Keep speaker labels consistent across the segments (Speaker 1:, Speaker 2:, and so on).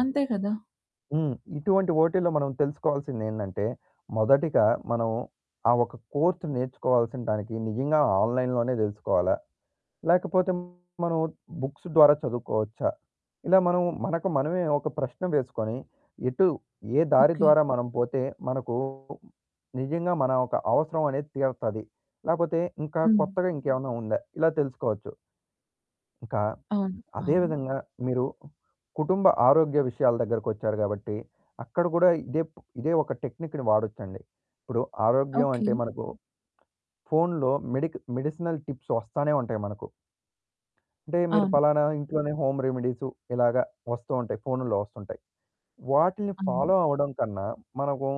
Speaker 1: అంతే కదా!
Speaker 2: హ్మ్. ఇటువంటి ఓటీలో మనం తెలుసుకోవాల్సిందేందంటే మొదటిగా మనం ఆ ఒక కోర్స్ నేర్చుకోవాల్సిన దానికి నిజంగా ఆన్లైన్‌లోనే తెలుసుకోవాలా? లేకపోతే మనం బుక్స్ ద్వారా చదువుకోవచ్చా? ఇలా మనం మనకు మనమే ఒక ప్రశ్న వేసుకొని ఎటు ఏ దారి
Speaker 1: ఓకే.
Speaker 2: ద్వారా మనం పోతే మనకు నిజంగా మన ఒక అవసరం అనేది తీరతది. లేపోతే ఇంకా
Speaker 1: హ్మ్.
Speaker 2: కొత్తగా ఇంకేవైనా ఉందా? ఇలా తెలుసుకోవచ్చు. ఇంకా,
Speaker 1: అవును,
Speaker 2: అదే
Speaker 1: అవును.
Speaker 2: విధంగా మీరు కుటుంబ ఆరోగ్య విషయాల దగ్గరకొచ్చారు గాబట్టి అక్కడ కూడా ఇదే ప్ ఇదే ఒక టెక్నిక్‌ని వాడొచ్చండి. ఇప్పుడు ఆరోగ్యం
Speaker 1: ఓకే.
Speaker 2: అంటే మనకు ఫోనులో మెడిక్ మెడిసినల్ టిప్స్ వస్తానే ఉంటాయి మనకు. అంటే మీరు
Speaker 1: అవును.
Speaker 2: పలానా ఇంట్లోనే హోమ్ రెమెడీసు ఇలాగ వస్తూ ఉంటాయి. ఫోనుల్లో వస్తూ ఉంటాయి. వాటిని
Speaker 1: అవును.
Speaker 2: ఫాలో అవ్వడం కన్నా మనకు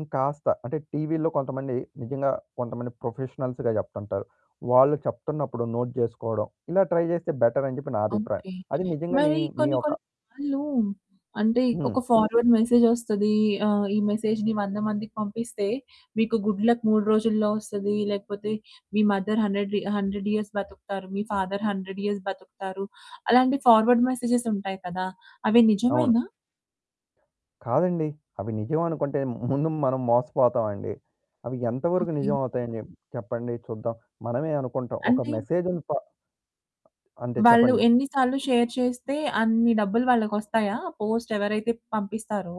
Speaker 2: ఇంకాస్త అంటే టీవీల్లో కొంతమంది నిజంగా కొంతమంది ప్రొఫెషనల్స్‌గా చెప్తుంటారు. వాళ్ళు చెప్తున్నప్పుడు నోట్ జేసుకోవడం ఇలా ట్రై చేస్తే బెటర్ అని చెప్పి నా అభిప్రాయం.
Speaker 1: ఓకే.
Speaker 2: అది నిజంగా నీ
Speaker 1: మరి
Speaker 2: మీ, మీ
Speaker 1: కొన్ని
Speaker 2: యొక
Speaker 1: కొన్ని సార్లు అంటే
Speaker 2: హ్మ్.
Speaker 1: ఒక ఫార్వర్డ్ మెసేజ్ వస్తది. ఆహ్, ఈ మెసేజ్‌ని 100 మందికి పంపిస్తే మీకు గుడ్ లక్ 3 రోజుల్లో వస్తది. లేకపోతే మీ మదర్ 100 రి 100 ఇయర్స్ బతుకుతారు. మీ ఫాదర్ 100 ఇయర్స్ బతుకుతారు. అలాంటి ఫార్వర్డ్ మెసేజెస్ ఉంటాయి కదా! అవి
Speaker 2: అవును.
Speaker 1: నిజమేనా?
Speaker 2: కాదండి. అవి నిజం అనుకుంటే ముందు మనం మోసపోతామండి. అవి ఎంతవరకు
Speaker 1: ఓకే.
Speaker 2: నిజం అవుతాయని చెప్ చెప్పండి చూద్దాం. మనమే అనుకుంటాం. ఒక
Speaker 1: అంటే?
Speaker 2: మెసేజుని ఫా అంటే
Speaker 1: వాళ్ళు
Speaker 2: చెప్పండి.
Speaker 1: ఎన్ని సార్లు షేర్ చేస్తే అన్ని డబ్బులు వాళ్ళకొస్తాయా? పోస్ట్ ఎవరైతే పంపిస్తారో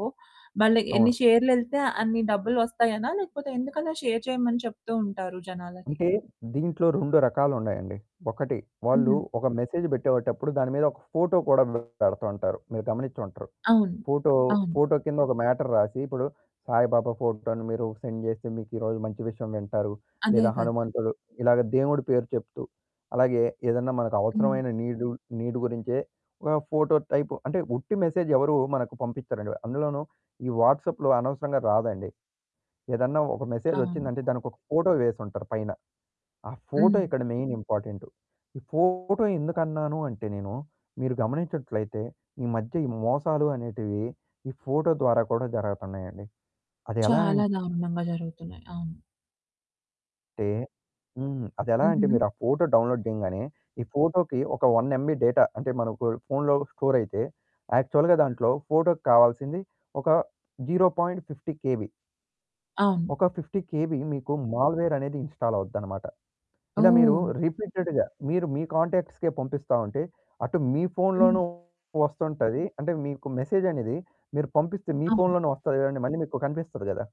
Speaker 1: వాళ్ళకి ఎన్ని
Speaker 2: అవును.
Speaker 1: షేర్లు యెళ్తే అన్ని డబ్బులొస్తాయనా? లేకపోతే ఎందుకలా షేర్ చేయమని చెప్తూ ఉంటారు జనాలకి?
Speaker 2: అంటే దీంట్లో 2 రకాలున్నాయండి. ఒకటి వాళ్ళు
Speaker 1: హుహు.
Speaker 2: ఒక మెసేజ్ పెట్టేటప్పుడు దాని మీద ఒక ఫోటో కూడా పెడతా ఉంటారు. మీరు గమనించ్చుంటరు.
Speaker 1: అవును,
Speaker 2: ఫోటో,
Speaker 1: అవును.
Speaker 2: ఫోటో కింద ఒక మ్యాటర్ రాసి, ఇప్పుడు సాయిబాబా ఫోటోను మీరు సెండ్ చేస్తే మీకు ఈరోజు మంచి విషయం వింటారు
Speaker 1: అదే
Speaker 2: లేదా
Speaker 1: కదా!
Speaker 2: హనుమంతుడు ఇలాగ దేవుడి పేరు చెప్తూ అలాగే ఏదన్నా మనకు
Speaker 1: హ్మ్.
Speaker 2: అవసరమైన నీడుల్ నీడ్ గురించే ఒక ఫోటో టైప్ అంటే ఉట్టి మెసేజ్ ఎవరూ మనకు పంపిచ్చరండి. అందులోనూ ఈ వాట్సాప్‌లో అనవసరంగా రాదండి. ఏదన్నా ఒక మెసేజ్ వచ్చిందంటే
Speaker 1: అవును.
Speaker 2: దానికొక ఫోటో వేసుంటారు పైన. ఆ ఫోటో
Speaker 1: హ్మ్.
Speaker 2: ఇక్కడ మెయిన్ ఇంపార్టెంటు. ఈ ఫోటో ఎందుకన్నాను అంటే నేను మీరు గమనించినట్లయితే ఈ మధ్య ఈ మోసాలు అనేటివి ఈ ఫోటో ద్వారా కూడా జరగతన్నాయండి. అది ఎలా
Speaker 1: చాలా
Speaker 2: అంటే
Speaker 1: దారుణంగా జరుగుతున్నాయి. అవును.
Speaker 2: హ్మ్. అది ఎలా అంటే
Speaker 1: హుహు.
Speaker 2: మీరు ఆ ఫోటో డౌన్లోడ్ జేయంగానే ఈ ఫోటోకి ఒక 1 ఎంబీ డేటా అంటే మనకు ఫోనులో స్టోర్ అయితే యాక్చువల్‌గా దాంట్లో ఫోటోకి కావాల్సింది ఒక 0.50 కేబీ.
Speaker 1: అవును.
Speaker 2: ఒక 50 కేబీ మీకు మాల్‌వేర్ అనేది ఇన్‌స్టాల్ అవుద్దనమాట. ఇలా మీరు
Speaker 1: ఓహ్!
Speaker 2: రిపీటెడ్‌గా మీరు మీ కాంటాక్ట్స్‌కే పంపిస్తా ఉంటే అటు మీ
Speaker 1: హ్మ్.
Speaker 2: ఫోనులోనూ వస్తుంటది. అంటే మీకు మెసేజ్ అనేది మీరు పంపిస్తే మీ
Speaker 1: అవును.
Speaker 2: ఫోనులోనే వస్తది చూడండి. మళ్ళీ మీకు కనిపిస్తది కదా!